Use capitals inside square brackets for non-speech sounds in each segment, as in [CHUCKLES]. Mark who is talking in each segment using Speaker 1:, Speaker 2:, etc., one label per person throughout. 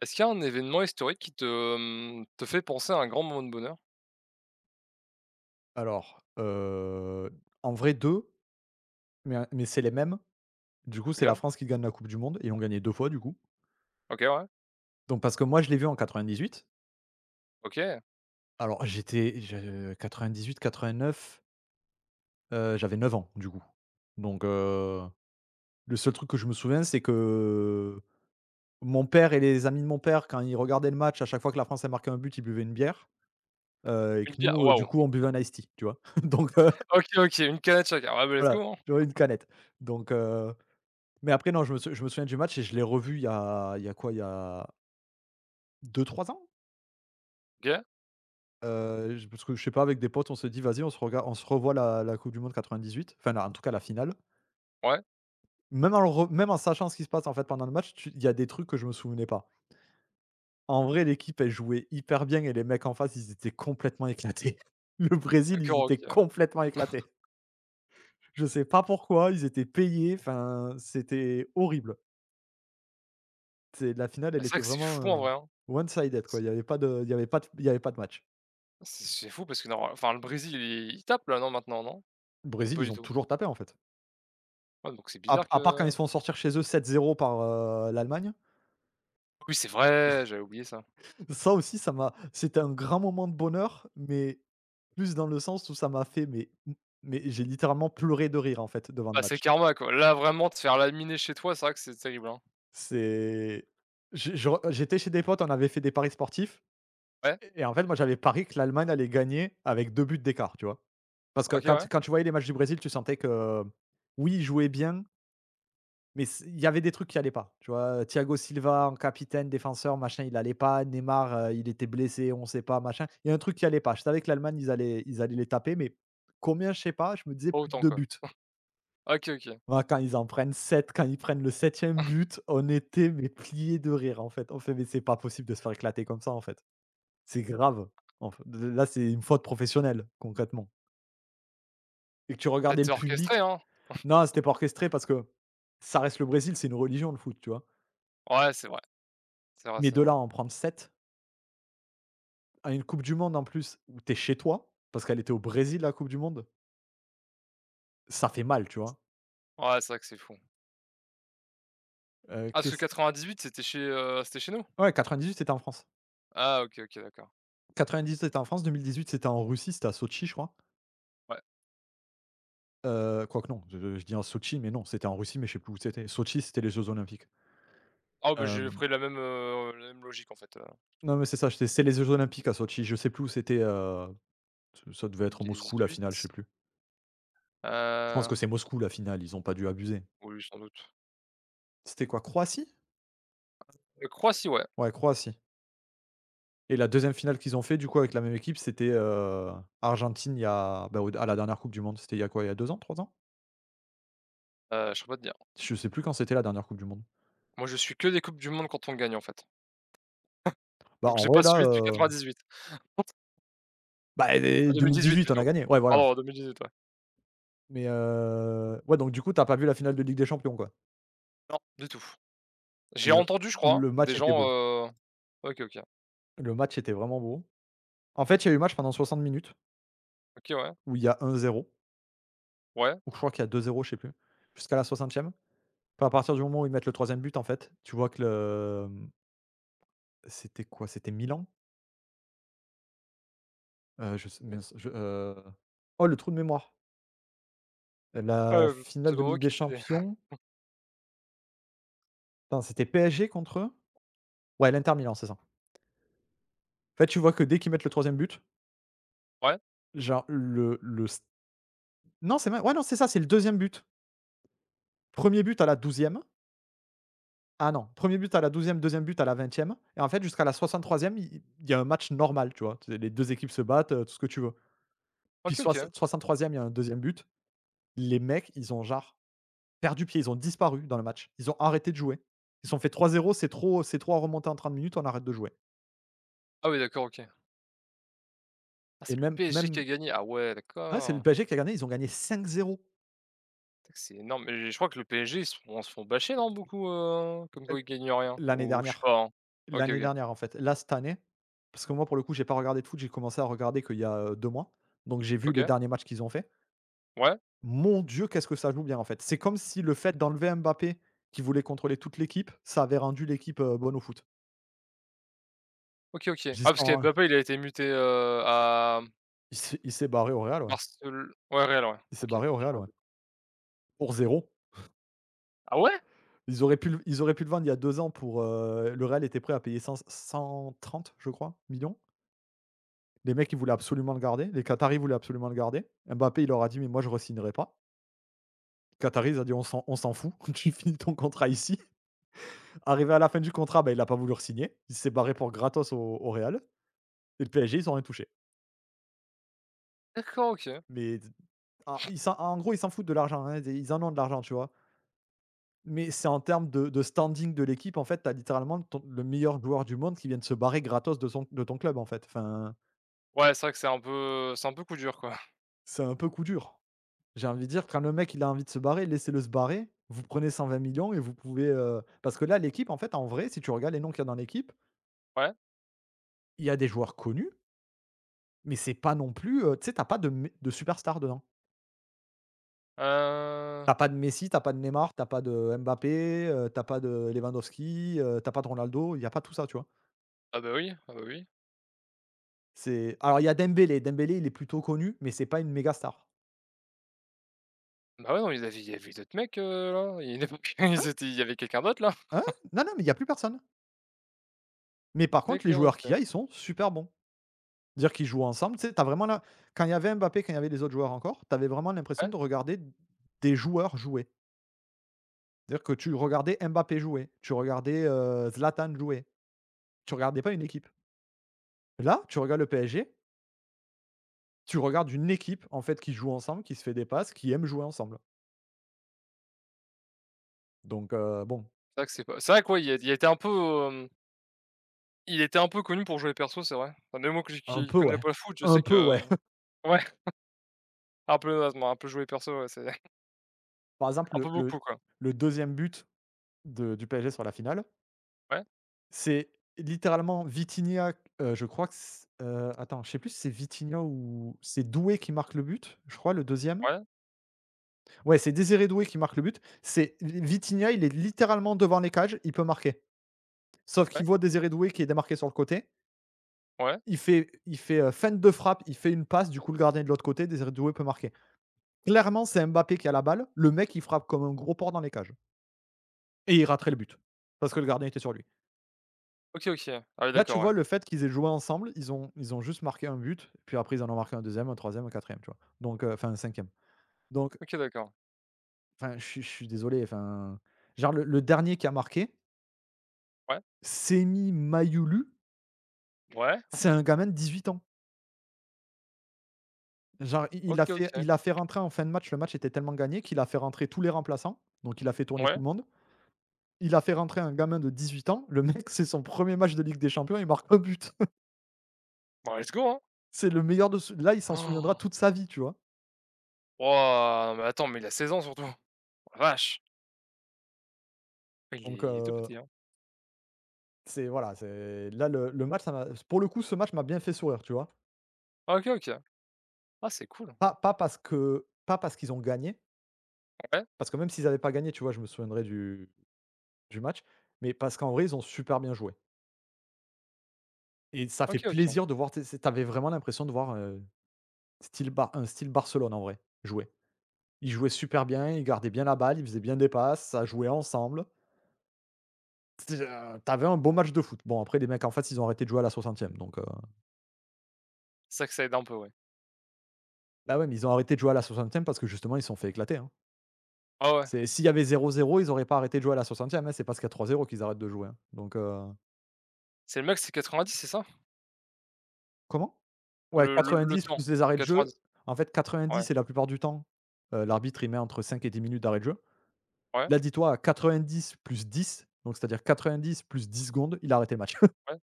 Speaker 1: Est-ce qu'il y a un événement historique qui te, hem, te fait penser à un grand moment de bonheur?
Speaker 2: Alors, heu, en vrai 2, mais un mais c'est les mêmes. Du coup c'est la
Speaker 1: OK.
Speaker 2: France qui gagne la coupe du monde et ont gagné 2 fois du coup.
Speaker 1: OK, ouais.
Speaker 2: Donc parce que moi je l'ai vu en 98.
Speaker 1: OK.
Speaker 2: Alors j'étais je 98-89? Heu, j'avais 9 ans du coup. Donc heu, le seul truc que je me souviens c'est que, heu, mon père et les amis de mon père, quand ils regardaient le match, à chaque fois que la France elle marquait un but, ils buvaient une bière, heu et
Speaker 1: Une
Speaker 2: que
Speaker 1: bière?
Speaker 2: nous du
Speaker 1: Waouh!
Speaker 2: coup on buvait un Ice Tea, tu vois? [CHUCKLES] Donc heu
Speaker 1: OK, OK une canette chacun, ah bah let's
Speaker 2: voilà
Speaker 1: go, hein.
Speaker 2: j'aurais une
Speaker 1: [CHUCKLES]
Speaker 2: canette donc heu, mais après non, je me s je me souviens du match et je l'ai revu il y a il y a quoi? Il y a 2-3 ans?
Speaker 1: OK.
Speaker 2: Heu, je parce que je sais pas avec des potes on s'est dit: «Vas-y on se regarde on se revoit la la coupe du monde 98 enfin, la en tout cas la finale».
Speaker 1: Ouais.
Speaker 2: Même en le re même en sachant ce qui se passe, en fait, pendant le match tu il y a des trucs que je me souvenais pas. En vrai l'équipe, elle jouait hyper bien et les mecs en face ils étaient complètement éclatés. [CHUCKLES] Le Brésil ils
Speaker 1: D'accord OK
Speaker 2: étaient
Speaker 1: ouais.
Speaker 2: complètement éclatés.
Speaker 1: [CHUCKLES]
Speaker 2: Je sais pas pourquoi ils étaient payés, enfin, c'était horrible. C'est la finale,
Speaker 1: Ah
Speaker 2: elle
Speaker 1: c'est vrai
Speaker 2: était
Speaker 1: que c'est
Speaker 2: vraiment,
Speaker 1: fou en
Speaker 2: heu,
Speaker 1: vrai, hein.
Speaker 2: one-sided
Speaker 1: S
Speaker 2: quoi, il y avait pas de il y avait pas d il y avait pas de match.
Speaker 1: C c'est fou parce que norma enfin le Brésil il il tape là non maintenant non? Ou
Speaker 2: Brésil,
Speaker 1: pas
Speaker 2: ils
Speaker 1: du
Speaker 2: ont
Speaker 1: tout?
Speaker 2: toujours tapé en fait.
Speaker 1: Ouais, donc c'est
Speaker 2: Ap
Speaker 1: bizarre
Speaker 2: à part quand ils
Speaker 1: que
Speaker 2: se font sortir chez eux 7-0 par, heu, l'Allemagne.
Speaker 1: Oui, c'est vrai! J'avais oublié ça.
Speaker 2: [CHUCKLES] Ça aussi ça m'a c'était un grand moment de bonheur mais plus dans le sens où ça m'a fait mais m mais j'ai littéralement pleuré de rire en fait devant le
Speaker 1: Ah c'est
Speaker 2: match.
Speaker 1: karma quoi là, vraiment, te faire laminer chez toi, c'est vrai que c'est terrible, hein.
Speaker 2: C'est j je re heu, j'étais chez des potes on avait fait des paris sportifs
Speaker 1: Ouais.
Speaker 2: et et en fait, moi j'avais parié que l'Allemagne allait gagner avec 2 buts d'écart, tu vois? Parce que
Speaker 1: OK,
Speaker 2: quand
Speaker 1: ouais.
Speaker 2: tu quand tu voyais les matchs du Brésil, tu sentais que, oui, ils jouaient bien mais s il y avait des trucs qui allaient pas, tu vois? Thiago Silva en capitaine défenseur machin il allait pas, Neymar, heu, il était blessé, on sait pas machin. Il y a un truc qui allait pas. Je savais que l'Allemagne ils allaient ils allaient les taper mais combien? Je sais pas, je me disais:
Speaker 1: Pas
Speaker 2: «Plus de
Speaker 1: autant
Speaker 2: 2
Speaker 1: quoi. [CHUCKLES]
Speaker 2: buts».
Speaker 1: OK, OK.
Speaker 2: Waouh quand ils en prennent 7 quand ils prennent le 7e
Speaker 1: [CHUCKLES]
Speaker 2: but, on était mais pliés de rire en fait. On fait: «Mais c'est pas possible de se faire éclater comme ça en fait. C'est grave en f de de là c'est une faute professionnelle concrètement». Et tu
Speaker 1: Peut être
Speaker 2: regardais
Speaker 1: c'est
Speaker 2: le public
Speaker 1: orchestré, hein.
Speaker 2: non
Speaker 1: [CHUCKLES]
Speaker 2: c'était pas orchestré parce que ça reste le Brésil. C'est une religion le foot, tu vois?
Speaker 1: Ouais, c'est vrai. C'est vrai,
Speaker 2: Mais
Speaker 1: c'est
Speaker 2: de
Speaker 1: vrai.
Speaker 2: là en prendre 7. À une coupe du monde en plus où tu es chez toi, parce qu'elle était au Brésil la coupe du monde. Ça fait mal, tu
Speaker 1: S
Speaker 2: vois?
Speaker 1: ouais, c'est vrai que c'est fou.
Speaker 2: Heu,
Speaker 1: Ah, parce que
Speaker 2: qu'est-ce q
Speaker 1: 98 c'était chez, heu, c'était chez nous?
Speaker 2: Ouais 98 c'était en France.
Speaker 1: Ah, OK, OK, d'accord.
Speaker 2: 98 c'était en France, 2018 c'était en Russie. C'était à Sotchi, je crois?
Speaker 1: Ouais.
Speaker 2: Heu, quoi que non. Je je dis en Sotchi mais non, c'était en Russie mais je sais plus où c'était. Sotchi c'était les Jeux Olympiques.
Speaker 1: Ah beh, j'ai
Speaker 2: Hem
Speaker 1: pris la même, heu, la même logique en fait, heu
Speaker 2: Non mais c'est ça ché c'est les Jeux Olympiques à Sotchi. Je sais plus où c'était, heu, ç ça devait
Speaker 1: deux mille
Speaker 2: être Moscou la finale, je sais
Speaker 1: dix-huit?
Speaker 2: plus. Je pense que
Speaker 1: Heu
Speaker 2: c'est Moscou la finale. Ils ont pas dû abuser.
Speaker 1: Oui sans doute.
Speaker 2: C'était quoi? Croatie?
Speaker 1: Ah c'est Croatie ouais.
Speaker 2: Ouais, Croatie. Et la 2e finale qu'ils ont fait du coup avec la même équipe c'était, heu, Argentine il y a bah au der à la dernière coupe du monde. C'était il y a quoi? Il y a 2 ans, 3 ans?
Speaker 1: Heu, je peux pas te dire.
Speaker 2: Je sais plus quand c'était la dernière Coupe du monde.
Speaker 1: Moi je suis que des coupes du monde quand on gagne en fait.
Speaker 2: Bah,
Speaker 1: [CHUCKLES] Donc
Speaker 2: en
Speaker 1: j'ai pas
Speaker 2: vrai là,
Speaker 1: suivi depuis
Speaker 2: heu
Speaker 1: 98. [UNINTELLIGIBLE]
Speaker 2: bah et
Speaker 1: Ah
Speaker 2: et deux mille
Speaker 1: 2018
Speaker 2: dix-huit on a
Speaker 1: plutôt.
Speaker 2: gagné, ouais, voilà.
Speaker 1: Pardon en 2018, ouais.
Speaker 2: Mais heu, ouais, donc du coup tu as pas vu la finale de Ligue des Champions quoi?
Speaker 1: Non, du tout. J'ai
Speaker 2: Le
Speaker 1: entendu je crois
Speaker 2: le
Speaker 1: des
Speaker 2: match était
Speaker 1: gens,
Speaker 2: beau.
Speaker 1: heu OK, OK.
Speaker 2: Le match était vraiment beau. En fait il y a eu match pendant 60 minutes
Speaker 1: OK, ouais.
Speaker 2: où il y a 1-0.
Speaker 1: Ouais.
Speaker 2: Ou je crois qu'il y a 2-0 je sais plus. Jusqu'à la 60e, enfin, à partir du moment où ils mettent le 3e but en fait, tu vois que le, mmh c'était quoi? C'était Milan? Heu, je sais mince je heu, oh le trou de mémoire! La
Speaker 1: Heu, on se
Speaker 2: finale de
Speaker 1: demande
Speaker 2: Ligue
Speaker 1: qui
Speaker 2: des
Speaker 1: était des
Speaker 2: Champions.
Speaker 1: [CHUCKLES]
Speaker 2: Attends c'était PSG contre? Ouais, l'Inter Milan c'est ça. En fait tu vois que, dès qu'ils mettent le 3e but
Speaker 1: Ouais.
Speaker 2: genre le le s Non c'est mais ouais non c'est ça c'est le 2e but. 1er but à la 12e. Ah non, 1er but à la 12e, 2e but à la 20e et en fait, jusqu'à la 63e il il il y a un match normal tu vois? Tu sais les 2 équipes se battent, heu, tout ce que tu veux. Puis
Speaker 1: OK,
Speaker 2: soixan
Speaker 1: OK.
Speaker 2: soixante-troisième il y a un 2e but. Les mecs ils ont, genre, perdu pied. Ils ont disparu dans le match. Ils ont arrêté de jouer. Ils ont fait: «3-0 c'est trop c'est trop à remonter en 30 minutes, on arrête de jouer».
Speaker 1: Ah oui, d'accord, OK. Ah
Speaker 2: Et
Speaker 1: c'est le
Speaker 2: même,
Speaker 1: PSG qui
Speaker 2: même
Speaker 1: a gagné, ah ouais,
Speaker 2: Ouais, c'est le
Speaker 1: d'accord.
Speaker 2: PSG qui a gagné. Ils ont gagné 5-0.
Speaker 1: T c'est énorme mais je crois que le PSG ils se font se font basher, nan beaucoup, heu, comme
Speaker 2: Et
Speaker 1: quoi
Speaker 2: l
Speaker 1: ils gagnent rien?
Speaker 2: l'année
Speaker 1: Ou je sais
Speaker 2: dernière.
Speaker 1: pas, hein. OK
Speaker 2: L'année
Speaker 1: OK.
Speaker 2: dernière, en fait, là, cette année, parce que moi pour le coup j'ai pas regardé de foot. J'ai commencé à regarder qu'il y a, heu, 2 mois donc j'ai vu les
Speaker 1: OK.
Speaker 2: derniers matchs qu'ils ont faits.
Speaker 1: Ouais.
Speaker 2: Mon Dieu qu'est-ce que ça joue bien en fait. C'est comme si le fait d'enlever Mbappé, qui voulait contrôler toute l'équipe, ça avait rendu l'équipe, heu, bonne au foot.
Speaker 1: OK OK.
Speaker 2: J'y
Speaker 1: Ah parce que
Speaker 2: sens un
Speaker 1: Mbappé il a été muté, heu, à m
Speaker 2: Il s'est il s'est barré au Real, ouais.
Speaker 1: Barcel ouais Real ouais,
Speaker 2: Il s'est
Speaker 1: OK.
Speaker 2: barré au
Speaker 1: J'ai
Speaker 2: Real,
Speaker 1: rien
Speaker 2: ouais.
Speaker 1: dit.
Speaker 2: Pour 0. [CHUCKLES]
Speaker 1: Ah ouais?
Speaker 2: Ils auraient pu l ils auraient pu le vendre il y a 2 ans pour, heu, le Real était prêt à payer 100-130 je crois, millions. Les mecs ils voulaient absolument le garder, les Qataris voulaient absolument le garder. Mbappé il leur a dit: «Mais moi je re-signerai pas». Qataris ont dit: «On s'en on s'en fout tu finis ton contrat ici». Arrivé à la fin du contrat, bah, il a pas voulu re-signer. Il s'est barré pour gratos au au Réal et le PSG ils ont rien touché.
Speaker 1: D'accord OK.
Speaker 2: Mais d ah, ils s'en en gros ils s'en foutent de l'argent, hein, ils é ils en ont de l'argent, tu vois? Mais c'est en termes de de standing de l'équipe en fait, tu as littéralement ton le meilleur joueur du monde qui vient de se barrer gratos de son de ton club en fait enfin
Speaker 1: Ouais c'est vrai que c'est un peu c'est un peu coup dur quoi.
Speaker 2: c'est un peu coup dur. J'ai envie de dire: «Quand le mec il a envie de se barrer, laissez-le se barrer, vous prenez 120 000 000 et vous pouvez heu, parce que là l'équipe en fait en vrai si tu regardes les noms qu'il y a dans l'équipe
Speaker 1: Ouais.
Speaker 2: il y a des joueurs connus mais c'est pas non plus, heu, tu sais tu as pas de m de super stars dedans. Tu
Speaker 1: Heu.
Speaker 2: as pas de Messi, tu as pas de Neymar, tu as pas de Mbappé, heu, tu as pas de Lewandowski, heu, tu as pas de Ronaldo, il y a pas tout ça, tu vois?
Speaker 1: Heu beh oui, heu beh oui.
Speaker 2: C'est alors il y a Dembélé. Dembélé il est plutôt connu mais c'est pas une méga star.
Speaker 1: Bah ouais, nan, il y avait il y avait d'autres mecs, heu, là il y en avait [CHUCKLES] ils
Speaker 2: Hein?
Speaker 1: étaient il y avait quelqu'un d'autre là.
Speaker 2: Hein?
Speaker 1: [CHUCKLES]
Speaker 2: Non, non mais il y a plus personne. Mais
Speaker 1: D
Speaker 2: par contre les
Speaker 1: d'accord,
Speaker 2: joueurs qu'il y
Speaker 1: OK.
Speaker 2: a, ils sont super bons. Dire qu'ils jouent ensemble tu sais, tu as vraiment l'im quand il y avait Mbappé, quand il y avait les autres joueurs encore tu avais vraiment l'impression
Speaker 1: Ouais.
Speaker 2: de regarder des joueurs jouer. Dire que tu regardais Mbappé jouer tu regardais, heu, Zlatan jouer. Tu regardais pas une équipe. Là, tu regardes le PSG tu regardes une équipe en fait, qui joue ensemble, qui se fait des passes, qui aime jouer ensemble. Donc, heu, bon.
Speaker 1: C'est vrai que c'est pas c'est vrai que, ouais, il y a il était un peu, hem il était un peu connu pour jouer perso c'est vrai. Enfin, même moi que
Speaker 2: Un
Speaker 1: qui
Speaker 2: peu,
Speaker 1: connais
Speaker 2: ouais.
Speaker 1: pas le foot je
Speaker 2: Un
Speaker 1: sais
Speaker 2: peu,
Speaker 1: que
Speaker 2: ouais.
Speaker 1: ouais.
Speaker 2: [CHUCKLES]
Speaker 1: [CHUCKLES] Un peu, ouais, je me ra un peu jouer perso, ouais c'est [CHUCKLES]
Speaker 2: Par exemple
Speaker 1: Un
Speaker 2: le
Speaker 1: peu beaucoup
Speaker 2: le
Speaker 1: quoi.
Speaker 2: le 2e but de du PSG sur la finale
Speaker 1: Ouais.
Speaker 2: c'est littéralement Vitinha, heu, je crois que s heu, attends je sais plus c'est Vitinha ou c'est Doué qui marque le but, je crois, le 2e.
Speaker 1: Ouais.
Speaker 2: Ouais c'est Désiré Doué qui marque le but. C'est li Vitinha, il est littéralement devant les cages. Il peut marquer sauf
Speaker 1: Ouais.
Speaker 2: qu'il voit Désiré Doué qui est démarqué sur le côté
Speaker 1: Ouais.
Speaker 2: il fait il fait, heu, feinte de frappe, il fait une passe du coup le gardien de l'autre côté, Désiré Doué peut marquer. Clairement c'est Mbappé qui a la balle, le mec il frappe comme un gros porc dans les cages. Et il raterait le but, parce que le gardien était sur lui.
Speaker 1: OK, OK. Ah ouais,
Speaker 2: Là, tu
Speaker 1: d'accord, ouais.
Speaker 2: vois le fait qu'ils aient joué ensemble ils ont ils ont juste marqué 1 but puis après ils en ont marqué un 2e, un 3e, un 4e tu vois? Donc heu, enfin un 5e donc
Speaker 1: OK d'accord.
Speaker 2: enfin je suis je suis désolé enfin, genre le le dernier qui a marqué
Speaker 1: Ouais.
Speaker 2: Senny Mayulu
Speaker 1: Ouais.
Speaker 2: c'est un gamin de 18 ans. Genre il il a
Speaker 1: OK,
Speaker 2: fait
Speaker 1: OK.
Speaker 2: il a fait rentrer en fin de match. Le match était tellement gagné qu'il a fait rentrer tous les remplaçants, donc il a fait tourner tout
Speaker 1: Ouais.
Speaker 2: le monde. Il a fait rentrer un gamin de 18 ans le mec c'est son 1er match de Ligue des Champions, il marque 1 but. [CHUCKLES]
Speaker 1: Bah let's go, hein.
Speaker 2: C'est le meilleur de ce là, il s'en souviendra
Speaker 1: [GASPS]
Speaker 2: toute sa vie, tu vois?
Speaker 1: Wouah! Non mais attends, mais il a 16 ans surtout. Oh la vache! Il
Speaker 2: Donc
Speaker 1: est il est tout
Speaker 2: heu
Speaker 1: petit, hein.
Speaker 2: C'est voilà, c'est là le le match ça m'a pour le coup ce match m'a bien fait sourire, tu vois?
Speaker 1: Ah OK, OK. Ah c'est cool.
Speaker 2: Pas pas parce que pas parce qu'ils ont gagné.
Speaker 1: Ouais.
Speaker 2: Parce que même s'ils avaient pas gagné, tu vois, je me souviendrai du du match, mais parce qu'en vrai ils ont super bien joué. Et ça fait
Speaker 1: OK, OK.
Speaker 2: plaisir de voir, tu sais tu avais vraiment l'impression de voir, heu, style ba un style Barcelone en vrai jouer. Ils jouaient super bien, ils gardaient bien la balle, ils faisaient bien des passes, ça jouait ensemble. C'est déjà tu avais un beau match de foot. Bon, après les mecs en fait ils ont arrêté de jouer à la 60e donc heu
Speaker 1: C'est que ça aide un peu, ouais.
Speaker 2: Bah, ouais, mais ils ont arrêté de jouer à la 60e parce que justement ils se sont fait éclater, hein.
Speaker 1: Ouais, ouais.
Speaker 2: C'est s'il y avait 0-0, ils auraient pas arrêté de jouer à la 60e, hein, c'est parce qu'il y a 3-0 qu'ils arrêtent de jouer, hein. Donc, heu
Speaker 1: C'est le mec c'est 90 c'est ça?
Speaker 2: Comment? Ouais
Speaker 1: Le le le
Speaker 2: 90
Speaker 1: temps.
Speaker 2: plus les arrêts de jeu,
Speaker 1: 90?
Speaker 2: en fait,
Speaker 1: Ouais.
Speaker 2: 90 et la plupart du temps, heu, l'arbitre il met entre 5 et 10 minutes d'arrêts de jeu.
Speaker 1: Ouais.
Speaker 2: Là dis-toi 90 + 10 donc c'est à dire 90 +10 secondes, il a arrêté le match. [CHUCKLES]
Speaker 1: Ouais.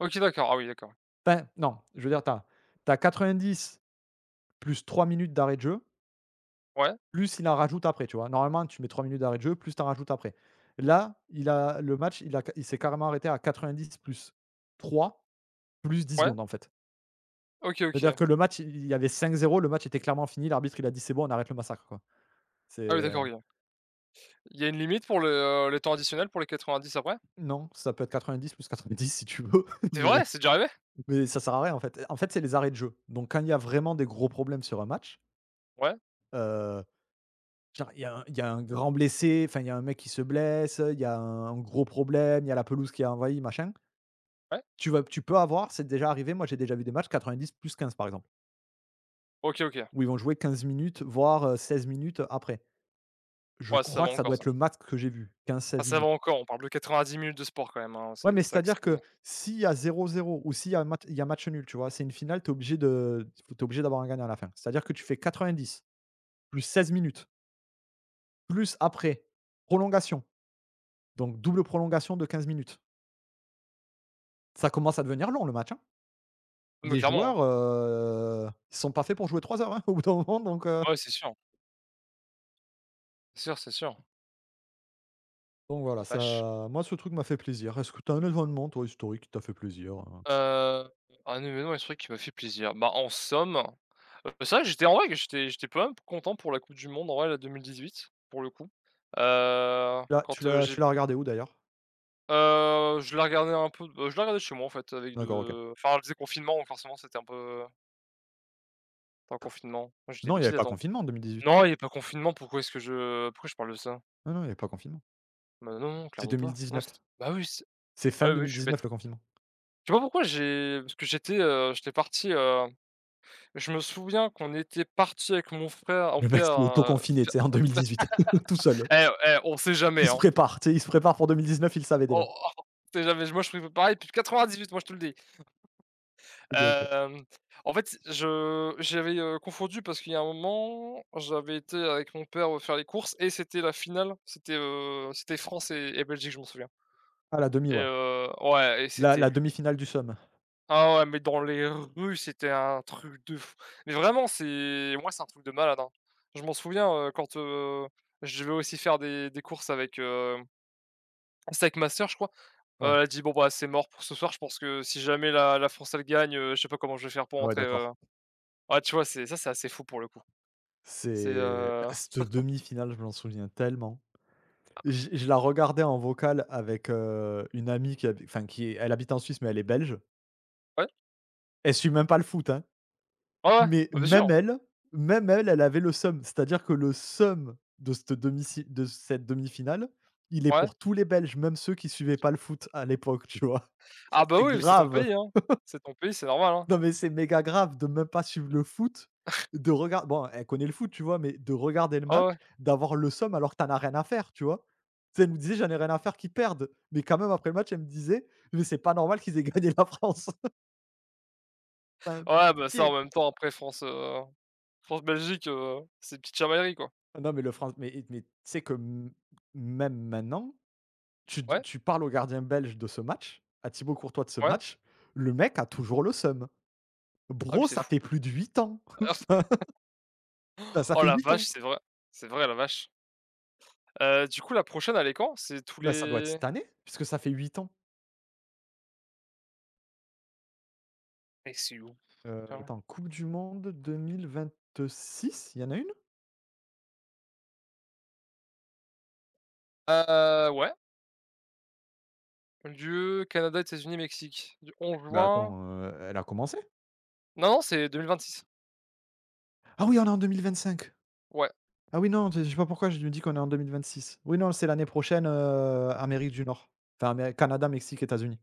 Speaker 1: OK, d'accord. Ah oui d'accord.
Speaker 2: Enfin non, je veux dire tu as tu as 90 + 3 minutes d'arrêts de jeu
Speaker 1: Ouais.
Speaker 2: plus il en rajoute après, tu vois? Normalement tu mets 3 minutes d'arrêts de jeu, plus tu en rajoutes après. Là il a le match il a il s'est carrément arrêté à 90 + 3 + 10
Speaker 1: Ouais.
Speaker 2: secondes en fait.
Speaker 1: OK,
Speaker 2: C'est à dire
Speaker 1: OK.
Speaker 2: que le match il il y avait 5-0. Le match était clairement fini. L'arbitre, il a dit: «C'est bon on arrête le massacre» quoi.
Speaker 1: Ah ouais,
Speaker 2: C'est
Speaker 1: d'accord, OK. Il y a une limite pour le, heu, le temps additionnel pour les 90 après?
Speaker 2: Non, ça peut être 90 + 90 si tu veux
Speaker 1: C'est
Speaker 2: mais
Speaker 1: vrai? C'est déjà arrivé?
Speaker 2: mais ça sert à rien en fait, heu, en fait c'est les arrêts de jeu. Donc quand il y a vraiment des gros problèmes sur un match
Speaker 1: Ouais.
Speaker 2: heu, je veux dire, il y a un il y a un grand blessé, enfin, il y a un mec qui se blesse, heu, il y a un gros problème, il y a la pelouse qui a envahi, machin
Speaker 1: Ouais.
Speaker 2: tu vas tu peux avoir, c'est déjà arrivé, moi j'ai déjà vu des matchs 90 + 15 par exemple.
Speaker 1: OK, OK.
Speaker 2: Où ils vont jouer 15 minutes, voire 16 minutes après. Je
Speaker 1: Ouais ça
Speaker 2: crois
Speaker 1: va
Speaker 2: que ça
Speaker 1: encore
Speaker 2: doit
Speaker 1: ça.
Speaker 2: être le max que j'ai vu,
Speaker 1: Enfin,
Speaker 2: 15-16
Speaker 1: ça va
Speaker 2: minutes.
Speaker 1: encore, on parle de 90 minutes de sport quand même, hein,
Speaker 2: Ouais,
Speaker 1: c'est
Speaker 2: mais
Speaker 1: c'est
Speaker 2: c'est
Speaker 1: vrai
Speaker 2: à
Speaker 1: que
Speaker 2: dire
Speaker 1: c'est
Speaker 2: que s'il y a 0-0 ou s'il y a mat il y a match nul tu vois? C'est une finale, tu es obligé de, heu, f tu es obligé d'avoir un gagnant à la fin, c'est à dire que tu fais 90 + 16 minutes plus après prolongations. Donc double prolongations de 15 minutes. Ça commence à devenir long le match, hein.
Speaker 1: Et mais
Speaker 2: Les
Speaker 1: clairement, hein.
Speaker 2: joueurs heu, sont pas faits pour jouer 3 heures, hein, au bout d'un moment donc, heu
Speaker 1: Ouais, c'est sûr. Sûr c'est sûr.
Speaker 2: donc voilà
Speaker 1: La vache.
Speaker 2: ça moi ce truc m'a fait plaisir. Est ce que tu as un événement toi historique qui t'a fait plaisir, heu
Speaker 1: Heu, un événement historique qui m'a fait plaisir, bah en somme, heu, c'est vrai que j'étais en vrai que j'étais j'étais quand même content pour la coupe du monde, en vrai, là, 2018 pour le coup, heu,
Speaker 2: La tu
Speaker 1: quand, heu,
Speaker 2: l'as
Speaker 1: j'ai
Speaker 2: tu
Speaker 1: p
Speaker 2: l'as regardée où d'ailleurs?
Speaker 1: Heu, je la regardais un peu de je la regardais chez moi en fait avec
Speaker 2: D'accord OK.
Speaker 1: de enfin c'était confinement forcément c'était un peu Attends, confinement, non je dis des
Speaker 2: Non il y avait
Speaker 1: bêtises
Speaker 2: pas
Speaker 1: attends.
Speaker 2: confinement en 2018.
Speaker 1: Non il y avait pas confinement pourquoi est-ce que je pourquoi je parle de ça?
Speaker 2: Non, non il y avait pas confinement.
Speaker 1: Bah non, non
Speaker 2: C'est
Speaker 1: clairement
Speaker 2: deux mille
Speaker 1: pas. Non
Speaker 2: dix-neuf.
Speaker 1: c'était bah oui c'est
Speaker 2: C'est fin
Speaker 1: ouais
Speaker 2: deux
Speaker 1: oui,
Speaker 2: mille
Speaker 1: je suis bête.
Speaker 2: dix-neuf le confinement.
Speaker 1: Je sais pas pourquoi j'ai parce que j'étais, heu, j'étais parti, heu, je me souviens qu'on était partis avec mon frère, mon
Speaker 2: Le mec
Speaker 1: père,
Speaker 2: s'est auto
Speaker 1: heu,
Speaker 2: confiné, tu
Speaker 1: faire,
Speaker 2: sais, en deux mille
Speaker 1: heu, f
Speaker 2: dix-huit. [LAUGHS] Tout
Speaker 1: [LAUGHS]
Speaker 2: seul!
Speaker 1: et et on sait jamais,
Speaker 2: Il se
Speaker 1: hein.
Speaker 2: prépare tu sais, il se prépare pour 2019, il le savait
Speaker 1: Oh,
Speaker 2: déjà!
Speaker 1: on sait jamais moi je prev pareil depuis 98 moi je te le dis. [LAUGHS]
Speaker 2: Et donc heu
Speaker 1: Hem, t en fait c je j'avais, heu, confondu parce qu'il y a un moment, j'avais été avec mon père, heu, faire les courses et c'était la finale, c'était, heu, c'était France et et Belgique je m'en souviens
Speaker 2: Ah la 1/2,
Speaker 1: et
Speaker 2: ouais.
Speaker 1: heu, ouais et
Speaker 2: La
Speaker 1: c'était
Speaker 2: la
Speaker 1: lu
Speaker 2: 1/2 finale du seum.
Speaker 1: Ah ouais, mais dans les rues, c'était un truc de f mais vraiment c'est moi c'est un truc de malade, hein. Je m'en souviens, heu, quand, heu, je vais aussi faire des des courses avec, heu, c'était avec ma soeur je crois,
Speaker 2: Ouais.
Speaker 1: heu, elle dit: «Bon, bah, c'est mort pour ce soir je pense que si jamais la la France elle gagne, heu, je sais pas comment je vais faire pour
Speaker 2: Ah ouais,
Speaker 1: rentrer» heu,
Speaker 2: d'accord.
Speaker 1: ouais, tu vois c'est ça, c'est assez fou pour le coup. C'est
Speaker 2: C'est
Speaker 1: heu
Speaker 2: c cette
Speaker 1: [CHUCKLES]
Speaker 2: 1/2 finale je m'en souviens tellement! J je la regardais en vocal avec, heu, une amie qui a enfin qui est elle habite en Suisse mais elle est Belge.
Speaker 1: Ouais.
Speaker 2: Elle suit même pas le foot, hein,
Speaker 1: Ouais, ouais.
Speaker 2: mais
Speaker 1: Bah bien
Speaker 2: même
Speaker 1: sûr.
Speaker 2: elle, même elle, elle avait le seum. C'est-à-dire que le seum de cette 1/2 si de cette 1/2 finale, il est
Speaker 1: Ouais.
Speaker 2: pour tous les Belges même ceux qui suivaient pas le foot à l'époque tu vois?
Speaker 1: Ah bah,
Speaker 2: C'est
Speaker 1: oui, mais c'est ton
Speaker 2: grave.
Speaker 1: pays, hein.
Speaker 2: [LAUGHS]
Speaker 1: C'est ton pays c'est normal, hein.
Speaker 2: Non mais c'est méga grave de même pas suivre le foot,
Speaker 1: [CHUCKLES]
Speaker 2: de regar bon, elle connaît le foot tu vois, mais de regarder le
Speaker 1: Ah ouais,
Speaker 2: match,
Speaker 1: ouais.
Speaker 2: d'avoir le seum alors que tu n'en as rien à faire, tu vois? Tu sais elle me disait: «J'en ai rien à faire qu'ils perdent» mais quand même après match elle me disait: «Mais c'est pas normal qu'ils aient gagné la France.». [LAUGHS] Enfin
Speaker 1: Ouais, bah, ça en
Speaker 2: pitié.
Speaker 1: même temps après France, heu, France Belgique, heu, c'est petites chamailleries quoi.
Speaker 2: Non mais le franc mais et mais tu sais que m même maintenant tu d
Speaker 1: Ouais.
Speaker 2: tu parles au gardien belge de ce match, à Thibault Courtois de ce
Speaker 1: Ouais.
Speaker 2: match, le mec a toujours le seum.
Speaker 1: Ah oui,
Speaker 2: Bro
Speaker 1: c'est
Speaker 2: ça
Speaker 1: fou.
Speaker 2: fait plus de 8 ans. [LAUGHS] Ça
Speaker 1: [LAUGHS]
Speaker 2: ça
Speaker 1: Oh
Speaker 2: fait
Speaker 1: la
Speaker 2: 8
Speaker 1: vache
Speaker 2: ans.
Speaker 1: c'est vrai. C'est vrai, la vache. Heu, du coup la prochaine elle est quand? C'est tous
Speaker 2: Bah ça doit être
Speaker 1: les
Speaker 2: cette année, puisque ça fait 8 ans.
Speaker 1: Mais c'est où? F
Speaker 2: Heu,
Speaker 1: temps.
Speaker 2: attends, coupe du monde 2026, il y en a 1?
Speaker 1: Heu, ouais. Lieu, Canada, États-Unis, Mexique, du 11
Speaker 2: Bah,
Speaker 1: juin
Speaker 2: attends, heu, elle a commencé?
Speaker 1: Non c'est 2026.
Speaker 2: Ah oui, on est en 2025.
Speaker 1: Ouais.
Speaker 2: Ah oui. Non, j je sais pas pourquoi je me dis qu'on est en 2026. Oui non c'est l'année prochaine, heu, Amérique du Nord, enfin Amé Canada, Mexique, États-Unis.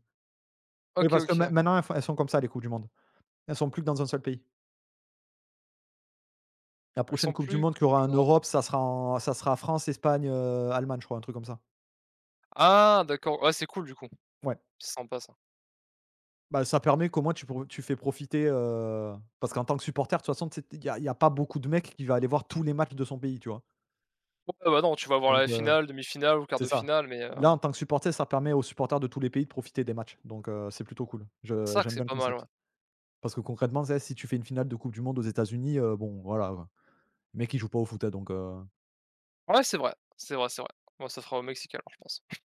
Speaker 2: Oui
Speaker 1: OK,
Speaker 2: parce que main
Speaker 1: OK.
Speaker 2: maintenant elles font elles sont comme ça les coupes du monde. Elles sont plus que dans un seul pays. La
Speaker 1: Elles
Speaker 2: prochaine
Speaker 1: sont
Speaker 2: coupe du
Speaker 1: plus
Speaker 2: monde qu'il y aura en
Speaker 1: qu'ens
Speaker 2: Europe ça sera en ça sera France, Espagne, heu, Allemagne je crois, un truc comme ça.
Speaker 1: Ah d'accord. Ouais c'est cool du coup.
Speaker 2: Ouais.
Speaker 1: C'est sympa ça.
Speaker 2: Bah, ça permet qu'au moins tu pour tu fais profiter, heu, parce qu'en tant que supporter de toute façon, tu sais il y a il y a pas beaucoup de mecs qui va aller voir tous les matchs de son pays, tu vois?
Speaker 1: Heu, ouais, bah, non, tu vas voir
Speaker 2: Donc,
Speaker 1: la
Speaker 2: heu,
Speaker 1: finale, 1/2 finale, ou 1/4
Speaker 2: c'est
Speaker 1: de
Speaker 2: ça.
Speaker 1: finale mais heu
Speaker 2: Là en tant que supporter ça permet aux supporters de tous les pays de profiter des matchs donc, heu, c'est plutôt cool. Je
Speaker 1: Ça que
Speaker 2: j'aime
Speaker 1: c'est
Speaker 2: bien le
Speaker 1: pas mal,
Speaker 2: concept.
Speaker 1: ouais.
Speaker 2: Parce concrètement tu sais, si tu fais une finale de Coupe du monde aux États-Unis, heu, bon, voilà, heu, mecs ils jouent pas au foot, hein, donc heu
Speaker 1: Ouais c'est vrai. C'est vrai, c'est vrai. Bon ça sera au Mexique alors je pense. [CHUCKLES]